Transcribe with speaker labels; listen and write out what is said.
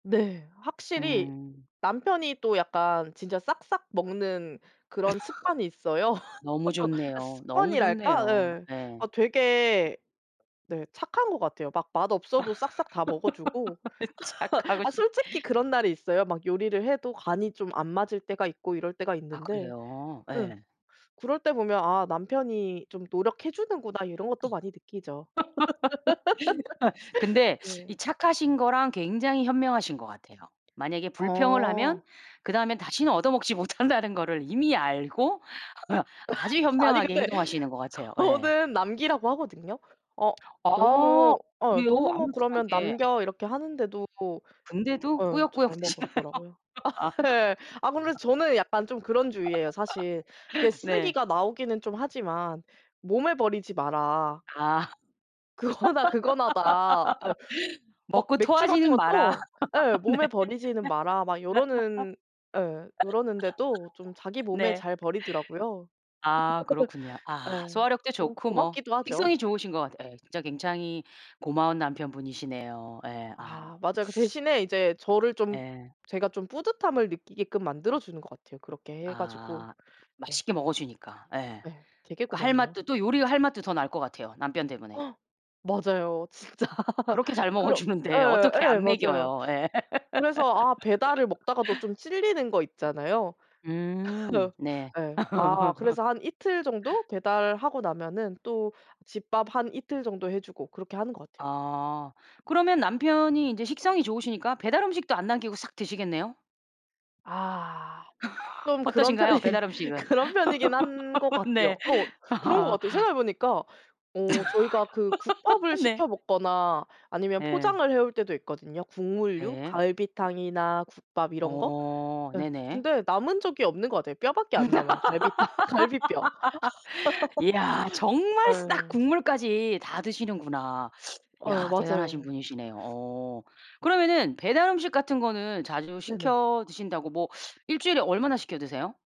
Speaker 1: 네. 확실히
Speaker 2: 음.
Speaker 1: 남편이 또 약간 진짜 싹싹 먹는 그런 습관이 있어요.
Speaker 2: 너무
Speaker 1: 아
Speaker 2: 좋네요. 너무
Speaker 1: 습관이랄까?
Speaker 2: 좋네요.
Speaker 1: 네. 어
Speaker 2: 네.
Speaker 1: 되게 네. 착한 것 같아요. 막 맛없어도 싹싹 다 먹어 주고.
Speaker 2: 착하고
Speaker 1: 아
Speaker 2: 싶
Speaker 1: 솔직히 그런 날이 있어요. 막 요리를 해도 간이 좀 안 맞을 때가 있고 이럴 때가
Speaker 2: 아
Speaker 1: 있는데
Speaker 2: 그래요?
Speaker 1: 예
Speaker 2: 예.
Speaker 1: 그럴 때 보면 '아 남편이 좀 노력해 주는구나. 이런 것도 많이 느끼죠.
Speaker 2: 예. 근데
Speaker 1: 네.
Speaker 2: 이 착하신 거랑 굉장히 현명하신 것 같아요. 만약에 불평을 하면
Speaker 1: 어.
Speaker 2: 그다음에 다시는 얻어먹지 못한다는 거를 이미 알고 아주
Speaker 1: 아니
Speaker 2: 현명하게
Speaker 1: 근데
Speaker 2: 행동하시는 것 같아요. 예.
Speaker 1: 저는 남기라고 하거든요. "어
Speaker 2: 아.
Speaker 1: 너무 어
Speaker 2: 그래요?
Speaker 1: 너무
Speaker 2: 아무렇지도
Speaker 1: 그러면
Speaker 2: 않게.
Speaker 1: 남겨." 이렇게 하는데도
Speaker 2: 근데도
Speaker 1: 예 잘
Speaker 2: 꾸역꾸역 드시나요?
Speaker 1: 먹더라고요.
Speaker 2: 아 그렇구나.
Speaker 1: 아 예. 아 근데 저는 약간 좀 그런 주의예요. 사실 이렇게
Speaker 2: 네.
Speaker 1: '쓰레기가 나오기는 좀 하지만 몸을 버리지 마라.'
Speaker 2: 아.
Speaker 1: "그거나 그거나다." 예. 막
Speaker 2: 먹고
Speaker 1: 맥주 같은
Speaker 2: 토하지는 마라.
Speaker 1: 것도 예
Speaker 2: 네.
Speaker 1: '몸에 버리지는 마라' 막 이러는 예 ...이러는데도 좀 자기 몸에
Speaker 2: 네.
Speaker 1: 잘 버리더라고요.
Speaker 2: 아. 그렇군요. 아.
Speaker 1: 예.
Speaker 2: 소화력도
Speaker 1: 뭐
Speaker 2: 좋고 뭐
Speaker 1: 고맙기도 하죠.
Speaker 2: 식성이 좋으신 것 같 예. 진짜 굉장히 고마운 남편 분이시네요. 예. 아유.
Speaker 1: 아 맞아요. 그 대신에 이제 저를 좀
Speaker 2: 예.
Speaker 1: 제가 좀 뿌듯함을 느끼게끔 만들어 주는 것 같아요. 그렇게 해 가지고.
Speaker 2: 아.
Speaker 1: 네.
Speaker 2: 맛있게 먹어 주니까 예.
Speaker 1: 네. 되게
Speaker 2: 그 할
Speaker 1: 고맙네요.
Speaker 2: 맛도 또 요리할 맛도 더 날 것 같아요 남편 때문에.
Speaker 1: 맞아요. 진짜.
Speaker 2: 그렇게 잘 먹어
Speaker 1: 그런
Speaker 2: 주는데
Speaker 1: 예
Speaker 2: 어떻게
Speaker 1: 예
Speaker 2: 안
Speaker 1: 맞아요.
Speaker 2: 먹여요. 예.
Speaker 1: 그래서 아 배달을 먹다가도 좀 찔리는 것 있잖아요.
Speaker 2: 음.
Speaker 1: 어
Speaker 2: 네.
Speaker 1: 예. 아 그래서 한 이틀 정도 배달하고 나면은 또 집밥 한 이틀 정도 해 주고 그렇게 하는 것 같아요.
Speaker 2: 아. 그러면 남편이 인제 식성이 좋으시니까 배달 음식도 안 남기고 싹 드시겠네요?
Speaker 1: 아. 좀 그런
Speaker 2: 어떠신가요?
Speaker 1: 편이
Speaker 2: 배달음식은?
Speaker 1: 그런 편이긴 한 것 같아요.
Speaker 2: 네.
Speaker 1: 어 그런 것
Speaker 2: 아.
Speaker 1: 같아요. 생각해 보니까 어 저희가 그 국밥을
Speaker 2: 네.
Speaker 1: 시켜 먹거나 아니면
Speaker 2: 예.
Speaker 1: 포장을 해올 때도 있거든요. 국물류
Speaker 2: 예.
Speaker 1: 갈비탕이나 국밥 이런 거.
Speaker 2: 어.
Speaker 1: 예.
Speaker 2: 네네.
Speaker 1: 근데 남은 적이 없는 것 같아요. 뼈밖에 안 남아요. 갈비탕 갈비뼈.
Speaker 2: 이야. 정말 싹
Speaker 1: 예.
Speaker 2: 국물까지 다 드시는구나.
Speaker 1: 예.
Speaker 2: 야. 대단하신
Speaker 1: 맞아요.
Speaker 2: 분이시네요. 어. 그러면은 배달 음식 같은 거는 자주
Speaker 1: 네네.
Speaker 2: 시켜 드신다고 뭐 일주일에 얼마나 시켜 드세요?